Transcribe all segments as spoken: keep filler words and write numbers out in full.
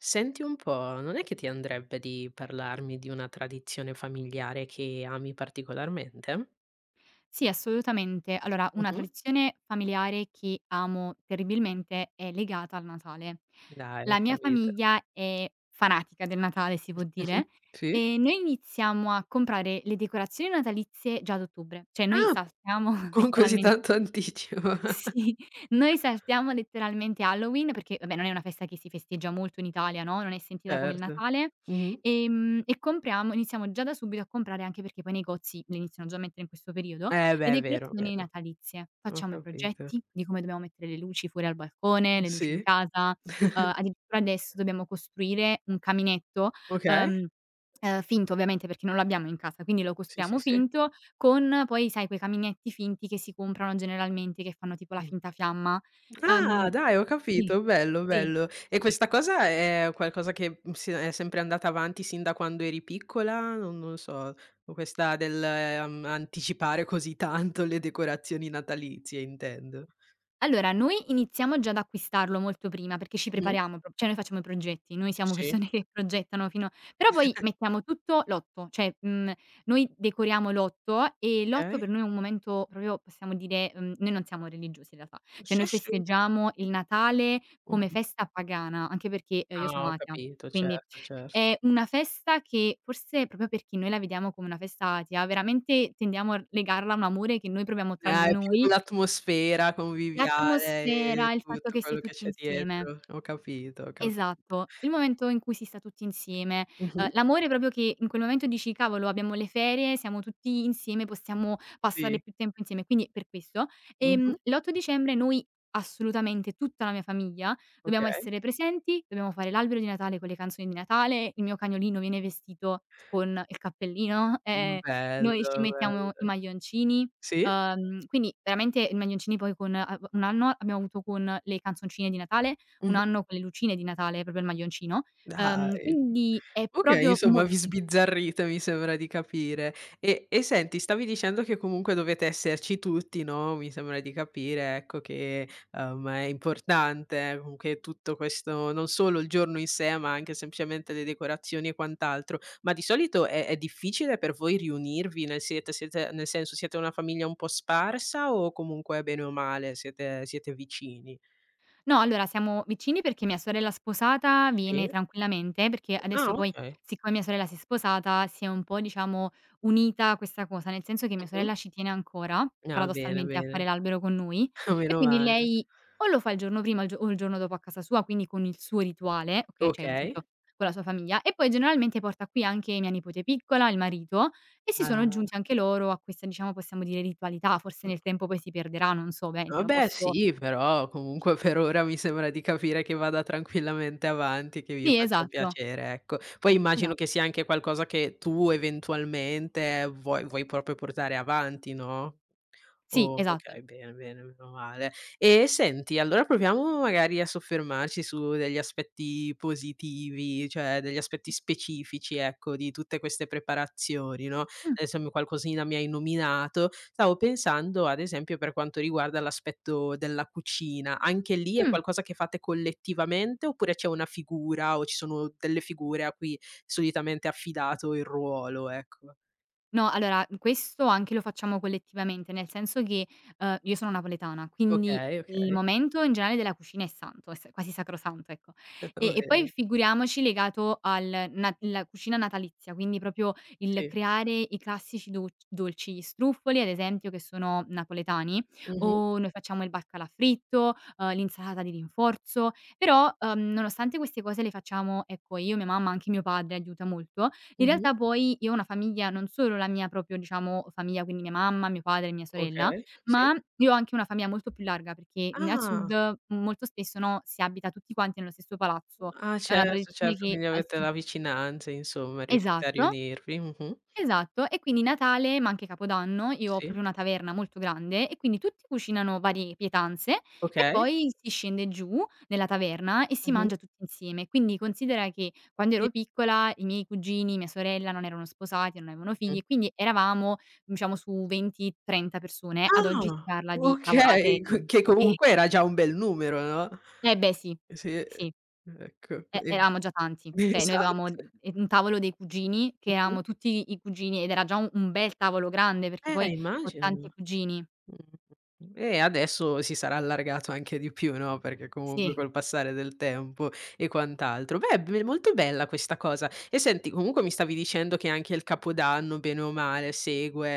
Senti un po', non è che ti andrebbe di parlarmi di una tradizione familiare che ami particolarmente? Sì, assolutamente. Allora, una Mh-mh. tradizione familiare che amo terribilmente è legata al Natale. Dai, ho La mia capito. famiglia è fanatica del Natale, si può dire, Sì. e noi iniziamo a comprare le decorazioni natalizie già ad ottobre. ceh, noi Ah! saltiamo Con così letteralme tanto anticio? sì, noi saltiamo letteralmente Halloween perché, abbè, no è una festa che si festeggia molto in Italia, no, non è sentita come il Certo, Natale. mh-mh. Ehm, e compriamo iniziamo già da subito a comprare, anche perché poi i necozi le iniziano già a mettere in questo periodo, Eh, le beh è vero, decorazioni vero. natalizie. Ho Facciamo i capito. progetti di come dobbiamo mettere le luci fuori al balcone, Mh, le luci in sì. casa, uhm, addirittura adesso dobbiamo costruire un caminetto, Okay. uhm, ehm, finto ovviamente perché non lo abbiamo in casa, quindi lo Sì, sì, costruiamo sì. finto, con poi, sai, quei caminetti finti che si comprano generalmente che fanno tipo la Mh. finta fiamma. Ah! Uhm dai, ho sì, capito bello, sì, bello. E sì. questa cosa è qualcosa che, mhmm, si ne è sempre andata avanti sin da quando eri piccola, no non so, o questa dell' ehm, anticipare così tanto le decorazioni natalizie intendo. Allora, noi iniziamo già ad acquistarlo molto prima, perché ci Mh-mh. prepariamo pro ceh, noi facciamo i progetti, noi siamo Sì. persone che progettano fino però poi mettiamo tutto l'otto ceh, mhmm, noi decoriamo l'otto e l'otto Okay. per noi è un momento propio, possiamo dire, mhmm, noi non siamo religiosi in realtà. ceh, Sì, noi sì. festeggiamo il Natale come Mh-mh. festa pagana anche perché, ehm, io Ah, sono ho atea, capito. quindi Certo, certo. è una festa che, forse propio perché noi la vediamo come una festa atia, veramente tendiamo r legarla a un amore che noi proviamo tra di Ah, è più noi un'atmosfera conviviale e L'atmosfera, il fatto tutto che si è quello che tutti c'è insieme. dietro. Ho capito, ho capito. Esatto, il momento in cui si sta tutti insieme. Uhm, Mh-mh. l'amore propio che in quel momento dici: "Cavolo, abbiamo le ferie, siamo tutti insieme, possiamo Sì. passare più tempo insieme", e quindi per questo. Ehm, Mh-mh. l'otto dicembre noi assolutamente, tutta la mia famiglia, dobbiamo Okay. essere presenti, dobbiamo fare l'albero di Natale con le canzoni di Natale, il mio cagnolino viene vestito con el cappellino, e Mh, e noi ci bello, bello. mettiamo i maglioncini, Sì? uhm, quindi veramente i maglioncini poi con, ehm, va un anno abbiamo avuto con le canzoncine di Natale, un Mh-mh. anno con le lucine di Natale, propio il maglioncino, ehm, Dai! quindi è Okay, propio insomma, vi mozzi. sbizzarrite mi sembra di capire. E e senti, stavi dicendo che comunque dovete esserci tutti, no, mi sembra di capire, ecco, che, uhm, è importante, uhm, che tutto questo non solo il giorno in sé, ma anche semplicemente le decorazioni e quant'altro. Ma di solito è è difficile per voi riunirvi? Nel siete siete nel senso, siete una famiglia un po' sparsa o comunque, bene o male, siete siete vicini? No, allora siamo vicini perché mia sorella sposata Sì. viene tranquillamente, perché Ah, adesso poi okay. siccome mia sorella si è sposata, si è un po' diciamo unita a questa cosa, nel senso che mia Mh-mh. sorella ci tiene ancora Ah, bene, paradossalmente a bene. fare l'albero con noi, e Meno quindi mane. lei o lo fa il giorno prima o il gio o il giorno dopo a casa sua, quindi con il suo rituale, okay, ceh un Okay. sento, con la sua famiglia e poi generalmente porta qui anche mia nipote piccola, il marito, e si sono Ah. aggiunti anche loro a questa diciamo, possiamo dire, ritualità; forse nel [unintelligible] tempo poi si perderà, non so veente, Oh, non beh posso sì, però comunque per ora mi sembra di capire che vada tranquillamente avanti e che vi Sì, faccia esatto. piacere, ecco. Poi immagino Esa che sia anche qualcosa che tu, eventualmente, vuoi vuoi propio portare avanti, no? Sì, O esatto. okay bene, bene meno male. E e senti, allora proviamo, magari, a soffermarci su degli aspetti positivi cioè, degli aspetti [unintelligible] specifici, ecco, di tutte queste preparazioni, no, ad Mh. esem qualcosina mi hai nominato, stavo pensando, ad esempio, per quanto riguarda l'aspetto della cucina: anche lì è Mh. qualcosa che fate collettivamente oppure, c'è una figura o ci sono delle figure a cui solitamente è affidato il ruolo, ecco? No, allora questo anche lo facciamo collettivamente, nel senso che, uhm, io sono napoletana quindi Okay, il okay. momento, in generale, della cucina è santo, è s quasi sacrosanto, ecco. Ecco, va E e poi bene. figuriamoci legato al na la cucina natalizia, quindi propio il Sì. creare i classici doc dolci: gli struffoli, ad esempio, che sono napoletani, Mh-mh. o noi facciamo il balcalà fritto, uhm, l'insalata di rinforzo. Però, uhm, nonostante queste cose le facciamo, ecco, io, mia mamma, anche mio padre aiuta molto, in Mh-mh. realtà poi io ho una famiglia, non solo la mia propio diciamo famiglia, quindi mia mamma, mio padre e mia sorella, Okay, sì. ma io ho anche una famia molto più larga perché ne al Ah! sud, molto spesso, no, si abita tutti quanti nello stesso Uh, palazzo, ah, è una certo, tradizione certo che quindi avete aesso la vicinanza, insomma riuscite a Esatto. riunirvi. Mh-mh. Esatto. E quindi Natale, ma anche Capodanno, io ho Sì. propio una taverna molto grande, e quindi tutti cucinano vari pietanze e Okay. poi si scende giù nella taverna e si Mh-mh. mangia tutti insieme. Quindi, considera che quando [unintelligible] ero piccola i miei cugini, mia sorella, non erano sposati, non aveano Mh. figli, e quindi eravamo, mhmm, iciamo su venti trenta persone. Ad oggi si Ah! parla di tavolate Okay! co in che sì! comunque era già un bel numero, no? Fe beh, sì! Sì, e Sì. ecco, E quin eraamo già tanti. ceh, noi aveamo, esatto. ehm, un tavolo dei cugini, che Mh-mh. eamo tutti i cugini, ed era già un un bel tavolo grande, perché Eh, poi ho tanti immaginano. cugini. Mh, e adesso si sarà allargato anche di più, no, perché comunque Sì. col passare del tempo e quant'altro. Beh, è blue è molto bella questa cosa. E senti, comunque mi stavi dicendo che anche il Capodanno, bene o male, segue,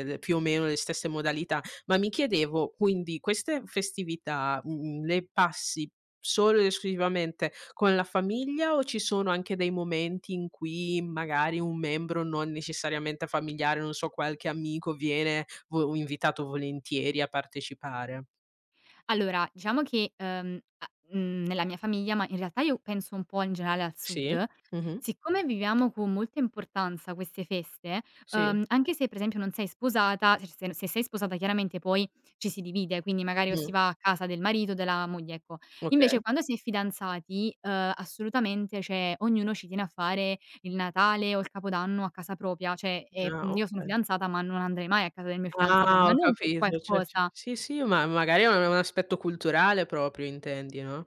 ehm, le più o meno le stesse modalità, ma mi chiedevo: quindi, queste festività, mhmm, le passi solo ed escuivamente con la famiglia o ci sono anche dei momenti in cui, magari, un membro non necessariamente familiare, non so, qualche amico viene vo invitato volentieri a partecipare? Allora, diciamo che, uhm, a mhmm, nella mia famiglia, ma in realtà io penso un po' in geneale al Sì. sud, Mh-mh. siccome viviamo con molta importanza queste feste, Sì. uhm, anche se per esempio non sei sposata ceh, ser sen se sei sposata chiaramente poi ci si divide, quindi magari o si Mh-mh. va a casa del marito o della moglie, ecco. Invece Okay. quando si è fidanzati, uhm, assolutamente, ceh, ognuno ci tiene a fare il Natale o il Capodanno a casa propia. ceh, ehm, Ah, io sono okay. fidanzata ma non andrei mai a casa del mio fidanzato, Ah, ma ho non per capito. Cioè, c'è qualcosa sì, sì, ma magari è un ma è un aspetto culturale, proprio, intendi, no?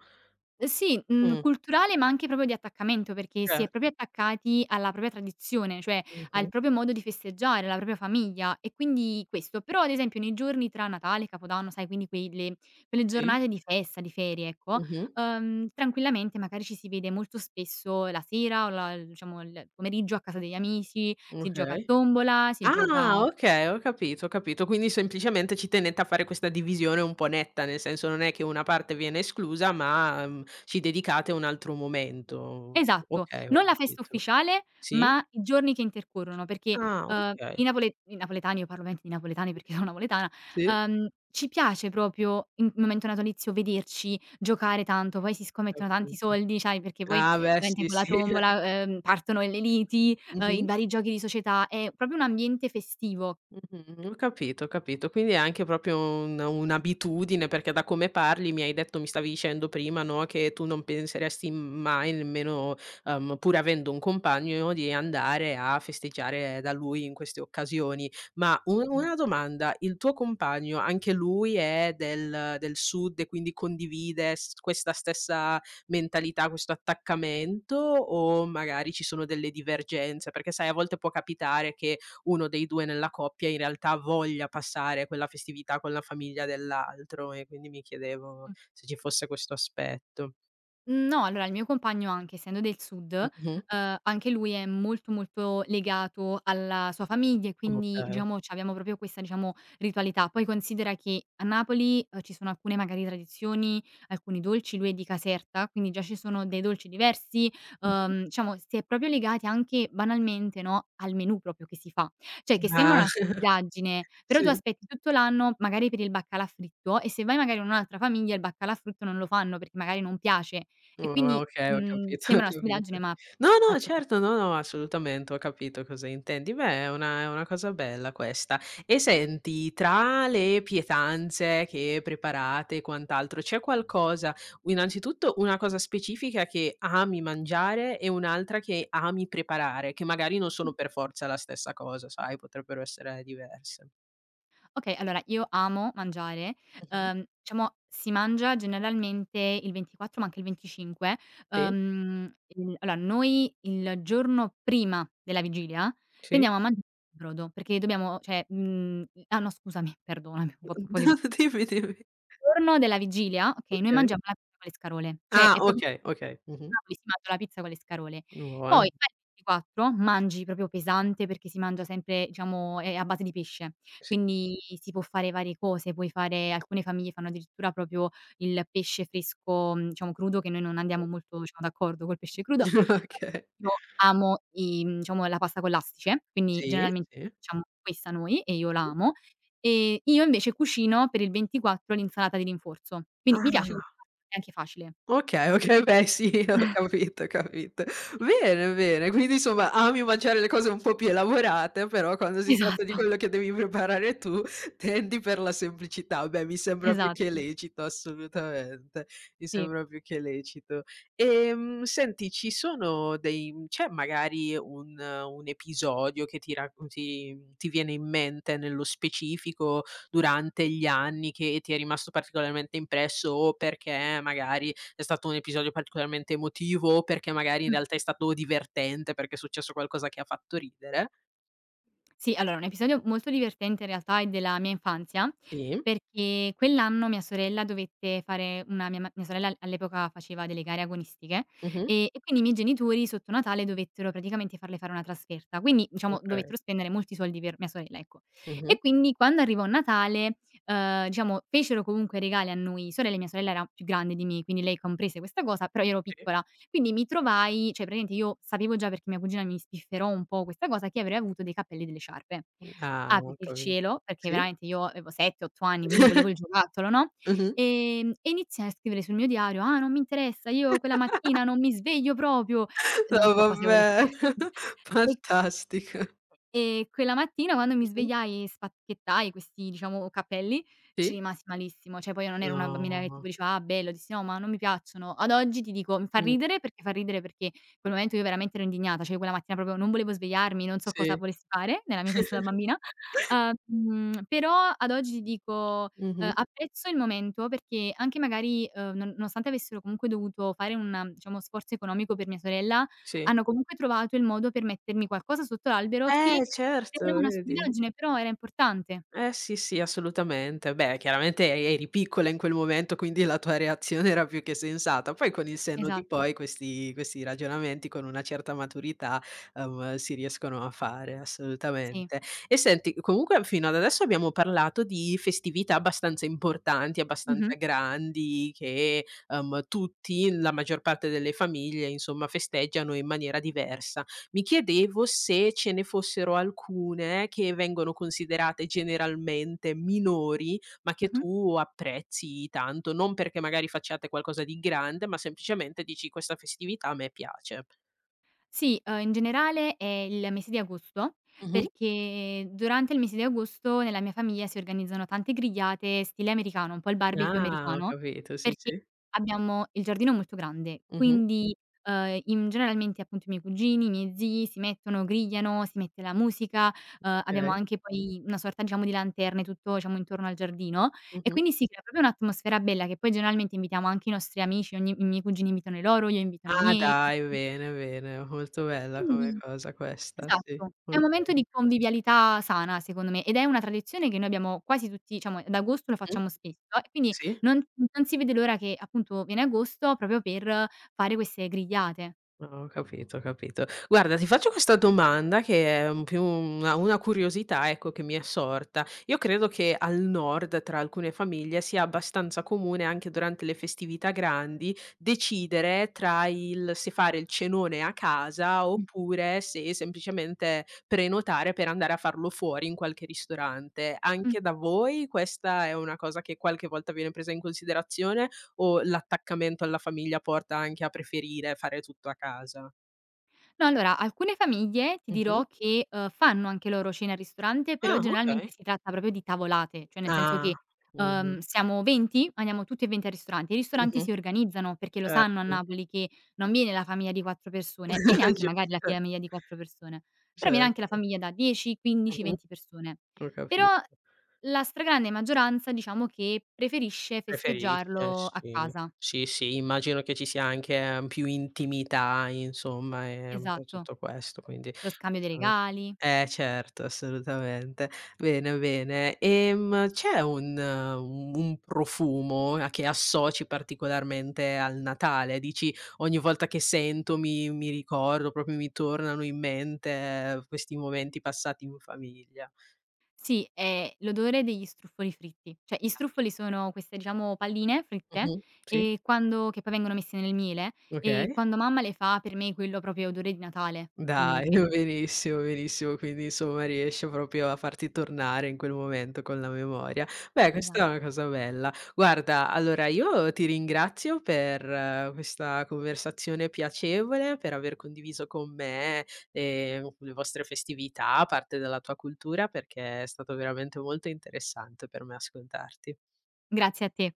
Ehm, sì, mhmm, Mh. culturale ma anche propio di attaccamento, perché si è propio Certo. attaccati alla propia tradizione, cioè Mh-mh. al propio modo di festeggiare la propia famiglia, e quindi questo. Però, ad esempio, nei giorni tra Natale e Capodanno, sai, quindi quei le quelle Sì. giornate di festa, di ferie, ecco, Mh-mh. uhm, tranquillamente macari ci si vede molto spesso la sera, o la il ciamo il pomeriggio a casa degli amisi, si gioca a Okay. tombola, si gioca Ah! Okay, ho capito, ho capito. Quindi, semplicemente ci tenete a fare questa divisione un po' netta, nel senso non è che una parte viene esclusa ma, mhmm, ci dedicate un altro momento. Esatto, Okay, ho non la festa capito. ufficiale, Sì? ma i giorni che intercorrono perché, Ah, uhm, okay. i napole i napoletani, io parlo menti di napoletani perché ono napoletana, Sì. uhm, ci piace propio im momento natolizio vederci, giocare tanto, poi si scommettono tanti Capito. soldi, c'hai, perché poi Ah, beh! viamente Sì, con la sì. tombola, ehm, partono elle liti, uhm, i Mh-mh. vari giochi di società; è propio un ambiente festivo. Mh-mh. Ho capito, ho capito. Quindi è anche, propio, un un'abitudine, perché da come parli mi hai detto mi stavi dicendo prima, no, che tu non penseresti m mai nemmeno, uhm, pur avendo un compagneo di andare a festeggiare da lui in queste occasioni. Ma, un Esa una domanda: il tuo compagno, anche lui è del del sud, e quindi condivide s questa stessa mentalità, questo attaccamento? O, magari, ci sono delle divergenze? Perché, sai, a volte può capitare che uno dei due nella coppia, in realtà, voglia passare quella festività con la famiglia dell'altro, e quindi mi chiedevo Mh. se ci fosse questo aspetto. Mhmm, no allora, il mio compagno anche essendo del sud, Mh-mh. ehm, anche lui è molto, molto legato alla sua famiia, e quindi Okay. ciamo c'abbiamo, propio questa ciamo ritualità. Poi considera che a Napoli, ehm, ci sono alcune magari tradizioni, alcuni dolci lui è di Caserta, quindi già ci sono dei dolci diversi, Mh-mh. ehm, ciamo si è propio legati anche banalmente, no, al menù propio che si fa. ceh, che sembra Ah una stupidaggine, però tu sì. aspetti tutto l'anno, magari per il baccalà fritto, e se vai magari in un'altra famiia il baccalà fritto non lo fanno perché magari non piace. E Mh-mh quindi, okay ho mhmm, capito sembra una ti ho stupidaggine vite. ma No, no al so certo, no, no assolutamente ho capito cosa intendi. Beh è una è una cosa bella questa. E senti tra le pietanze che preparate e quant'altro c'è qualcosa u innanzitutto una cosa specifica che ami mangiare e un'altra che ami preparare, che magari non Mh. sono per forza la stessa cosa, sai, potrebbero essere diverse? Okay, allora io amo mangiare, Mh-mh. ehm, ciamo si mangia generalmente il ventiquattro ma anche il venticinque. Sì. Ehm, mhmm, aloa noi il giorno prima della Vigilia, Sì. tendiamo a mangiare brodo perché dobbiamo ceh mhmm, ah no scusami, perdonami ho fatto un po' di Mh, confusione. dimmi, dimmi. Il giorno della Vigilia, okay, noi Okay. mangiamo la pizza con le scarole, cioè Ah, è proprio okay, okay, mh-mh. [unintelligible] che si mangia la pizza con le scarole. Poi Buon [unintelligible] il ventiquattro mangi propio pesante, perché si mangia sempre diciamo è a base di pesce, S quindi si può fare varie cose, puoi fare alcune famiglie fanno addirittura propio il pesce fresco, mhmm, diciamo crudo, che noi non Mh. andiamo molto, diciamo, d'accordo col pesce crudo. Okay. Io amo i diciamo la pasta con l'astice, quindi Sì, generalmente sì. facciamo questa noi e io la Mh-mh. amo, e io invece cucino per il ventiquattro l'insalata di rinforzo, quindi mi piace Ah. cucinare, è anche facile. Okay, okay, beh sì ho capito, ho capito. Bene, bene quindi somma ami mangiare le cose un po' più elaborate, però quando si tratta di Esatto. quello che devi preparare tu tendi per la semplicità, beh mi sembra più che Esatto. lecito assolutamente, mi Si. sembra più che lecito. Ehm, senti ci sono dei c'è magari un un episodio, che ti raccon ti ti viene in mente nello specifico durante gli anni, che ti è rimasto particolarmente impresso, o perché magari è stato un episodio particolarmente emotivo, o perché magari in Mh. realtà è stato divertente, perché è successo qualcosa che ha fatto ridere? Sì, allora un episodio molto divertente in realtà è della mia infanzia, Sì. perché quell'anno mia sorella dovette fare una mia ma mia sorella all'epoca faceva delle gare agonistiche, Mh-mh. e e quindi i miei genitori sotto Natale, dovettero praticamente farle fare una trasferta, quindi ciamo Okay. dovettero spendere molti soldi per mia sorella, ecco. E Mh-mh. quindi quando arrivò Natale, ehm, diciamo fecero comunque regali a noi sorelle, mia sorella era più grande di me, quindi lei comprese questa, cosa però io ero Sì. piccola quindi mi trovai ceh praimente io sapevo già, perché mia cugina mi spifferò un po' questa cosa, che avrei avuto dei cappelli e delle sciarpe. Ah, ho Apriti il capito, cielo, perché sì. veramente io avevo sette otto anni quindi volevo il giocattolo, no, Mh-mh. ehm e iniziai a scrivere sul mio diario: "Ah non mi interessa, io quella mattina non mi sveglio propio". Non No so cosa voles vabbè, E fantastico. e quella mattina quando mi Mh-mh. svegliai, e spacchettai questi diciamo cappelli, ci Sì. rimasi malissimo, ceh poi io non ero una bambina che tipo No. diceva: "Ah bello". Dissi: "No, ma non mi piacciono". Ad oggi ti dico fa Mh. ridere, perché fa ridere perché quel momento io veramente ero indignata, ceh io quella mattina propio non volevo svegliarmi, non so cosa Sì. volessi fare nella mia testa, da bambina. Ah, mhmm, però ad oggi ti dico, Mh-mh. ehm, apprezzo il momento perché anche magari, ehm, non nonostante avessero comunque dovuto fare un, ciamo sforzo economico per mia sorella, Sì. hanno comunque trovato il modo per mettermi qualcosa sotto l'albero, che Eh certo, sembrerebbe una vedi? stupidaggine, però era importante. Eh, sì, sì assolutamente, beh chiaramente e eri piccola in quel momento, quindi la tua reazione era più che sensata, poi con il senno di Esatto. poi questi questi ragionamenti, con una certa maturità, ehm, si riescono a fare, Si. assolutamente. E senti, comunque fino ad adesso abbiamo parlato di festività abbastanza importanti, Mh-mh. abbastanza grandi che, ehm, tutti la maggior parte delle famiglie, insomma festeggiano in maniera diversa. Mi chiedevo se ce ne fossero alcune che vengono considerate generalmente minori, ma che Mh-mh. tu apprezzi tanto? Non perché magari facciate qualcosa di grande, ma semplicemente dici questa festività a me piace. Sì, uhm, in generale è il mese di agosto, Mh-mh. perché durante il mese di agosto nella mia famiia si organizzano tante grigliate stile americano, un po' il barbecue Ah, ho americano, capito. Sì, perché sì. abbiamo il giardino molto grande. Mh-mh. Quindi, uhm, in generalmente appunto i miei cugini, i miei zii si mettono, grigliano, si mette la musica, uhm, abbiamo kay. anche poi una sorta, diciamo, di lanterne tutto diciamo intorno al giardino e Mh-mh. quindi si crea propo un'atmosfera bella. Che poi generalmente invitiamo anche i nostri amici, ogni i miei cugini invitano i loro, io invitano i Ah miei. dai, bene, bene. Molto bella come Quindi cosa questa. Sì, esatto, è un momento okay. di convivialità sana secondo me ed è una tradizione che noi abbiamo quasi tutti diciamo, da agosto lo Mh-mh. facciamo spesso, quini Sì. non non si vede l'ora che, appunto, viene agosto propio per fare queste grigliate. Ah, ho capito, ho capito. Guarda, ti faccio questa domanda che è più una una curiosità, ecco, che mi è sorta: io credo che al nord tra alcune famiglie, sia abbastanza comune anche durante le festività grandi decidere tra il: se fare il cenone a casa Mh. oppure se semplicemente prenotare per andare a farlo fuori in qualche ristorante. Mh. Anche da voi questa è una cosa che qualche volta viene presa in considerazione, o l'attaccamento alla famiglia porta anche a preferire fare tutto a casa? No, allora alcune famiglie ti Mh-mh. dirò che, ehm, fanno anche loro cena al ristorante, però Ah, okay. generalmente si tratta propio di tavolate, ceh nel senso Ah, che, mh-mh. ehm, siamo venti? Andiamo tutti e venti al ristorante. I ristoranti Mh-mh, si organizzano, perché lo sanno a certo. Napoli, che non viene la famiia di quattro persone, viene anche magari la Giusto. fiamiia di quattro persone, però viene anche la Certo. famiia da dieci quindici Mh-mh, venti persone. ho capito. Però, la stragrande maggioranza, diciamo che, preferisce Preferisce festeggiarlo a sì, casa. sì, sì, immagino che ci sia anche più intimità, insomma e un po' Esatto. tutto questo quindi Lo scambio dei [unintelligible] regali eh certo assolutamente, bene, bene. E, mhmm, c'è un u un profumo a che associ particolarmente al Natale. Dici: "Ogni volta che sento mi mi ricordo, propio mi tornano in mente, questi momenti passati in famiglia". Sì, è l'odore degli struffoli fritti. ceh gli [unintelligible] struffoli, sono queste ciamo palline fritte, Mh-mh, sì. e quando che poi vengono messe nel miele, e Okay. quando mamma le fa per me, quello propio è odore di Natale, quindi Dai no, quelli. benissimo, benissimo quindi insomma riesce propio a farti tornare, in quel momento, con la memoria. Beh questa Esat è una cosa bella. Guarda allora, io ti ringrazio per questa conversazione piacevole, per aver condiviso con me le le vostre festività, parte della tua cultura, perché è stato veramente molto interessante per me ascoltarti. Grazie a te.